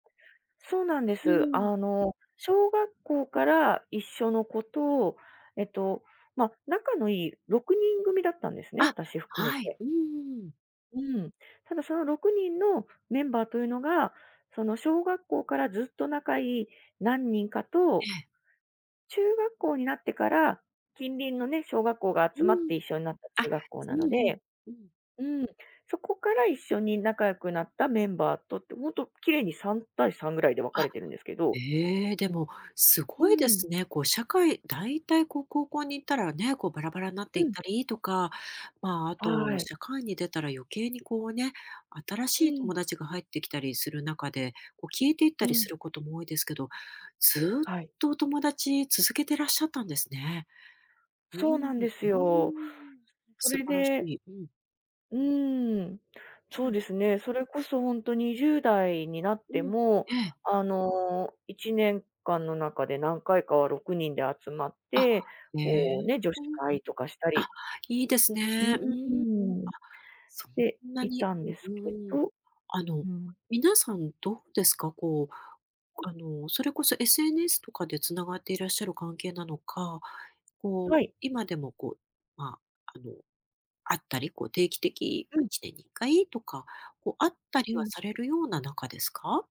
そうなんでうす。ん。あの、小学校から一緒の子と、えっと、ま、仲のいい6人組だったんですね、あ、私含めはい、て。うんうんうん。うん。ただ、その6人のメンバーというのが、その小学校からずっと仲いい何人かえとえ。中学校になってから、近隣のね、小学校がう集まっん。て一緒んなったあ中学校なうのん、ふん、でうん。うん、そこから一緒に仲良くなったメンバーとって、ほんと綺麗に3対3ぐらいで分かあ。れてるんですけどええ、でも、すうごいでん。すね。こう社会だいたいこう高校に行ったらね、こうバラバラになってういっん。たりとか、まあ、あはと、い。社会に出たら余計にこうね、新うしいん。友達が入ってきたりする中で、こう消えていったうりすん。ることも多いですけど。ずっはい。とお友達続けてらっしゃったんですね。ういそん、ん、ううなんですーよ。ん。そ素れ晴らしでい、うん。うーん、うそうん。ですね。それこそほんと20代になっうてん、も、ええ。あの1年間の中で何回かは6人で集まっあ、て、へえ、こうね、女子 [unintelligible] 会とかしたりあ、いいですうん、ね。ううーん、あ、ーん、そしんてないに、たんですうけん、うーん。どあの、うん。皆さんどうですか？こう、はい。あの、それこそ SNS とかで繋がっていらっしゃる関係なのか、こうはい。今でもこう、ま、あの会ったり、こう定期的、うま、いん。ちねんに1回とか、こう会ったりうはん。されるような仲ですか？